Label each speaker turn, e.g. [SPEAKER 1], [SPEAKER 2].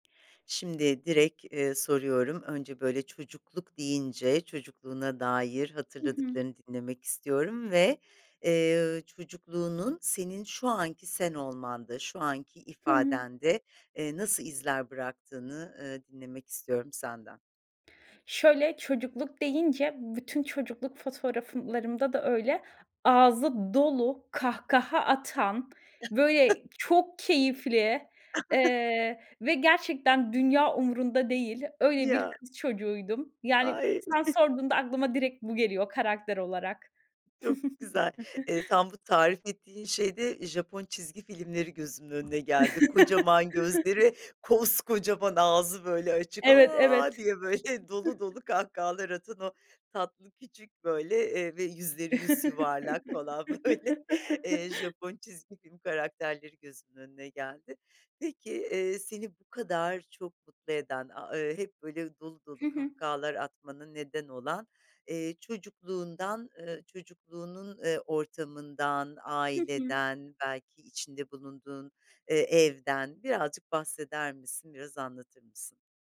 [SPEAKER 1] Şimdi direkt, eee, soruyorum. Önce böyle "çocukluk" deyince çocukluğuna dair
[SPEAKER 2] Hı hı.
[SPEAKER 1] hatırladıklarını dinlemek istiyorum ve, eee, çocukluğunun senin şu anki sen olmanda, şu anki
[SPEAKER 2] Hı hı.
[SPEAKER 1] ifadende, ııı, nasıl izler bıraktığını, ııı, dinlemek istiyorum senden.
[SPEAKER 2] Şöyle: Çocukluk deyince bütün çocukluk fotoğraflarımda da öyle ağzı dolu, kahkaha atan, böyle, çok keyifli, eee, ve gerçekten dünya umurunda değil; öyle bir
[SPEAKER 1] Ya!
[SPEAKER 2] kız çocuğuydum. Yani,
[SPEAKER 1] Ay!
[SPEAKER 2] sen sorduğunda aklıma direkt bu geliyor karakter olarak.
[SPEAKER 1] Çok güzel, eee, tam bu tarif ettiğin şeyde Japon çizgi filmleri gözümün önüne geldi. Kocaman gözleri, koskocaman ağzı, böyle, açık,
[SPEAKER 2] Evet,
[SPEAKER 1] "A!"
[SPEAKER 2] evet.
[SPEAKER 1] diye, böyle, dolu dolu kahkahalar atan o tatlı, küçük, böyle, eee, ve yüzleri yusyuvarlak falan, böyle, eee, Japon çizgi film karakterleri gözümün önüne geldi. Peki, eee, seni bu kadar çok mutlu eden, aaa, ııı, hep böyle dolu
[SPEAKER 2] Hı
[SPEAKER 1] dolu
[SPEAKER 2] hı.
[SPEAKER 1] kahkahalar atmana neden olan, eee, çocukluğundan, ııı, çocukluğunun, eee, ortamından,
[SPEAKER 2] Hı hı.
[SPEAKER 1] aileden, belki içinde bulunduğun, eee, evden birazcık bahseder misin? Biraz anlatır mısın?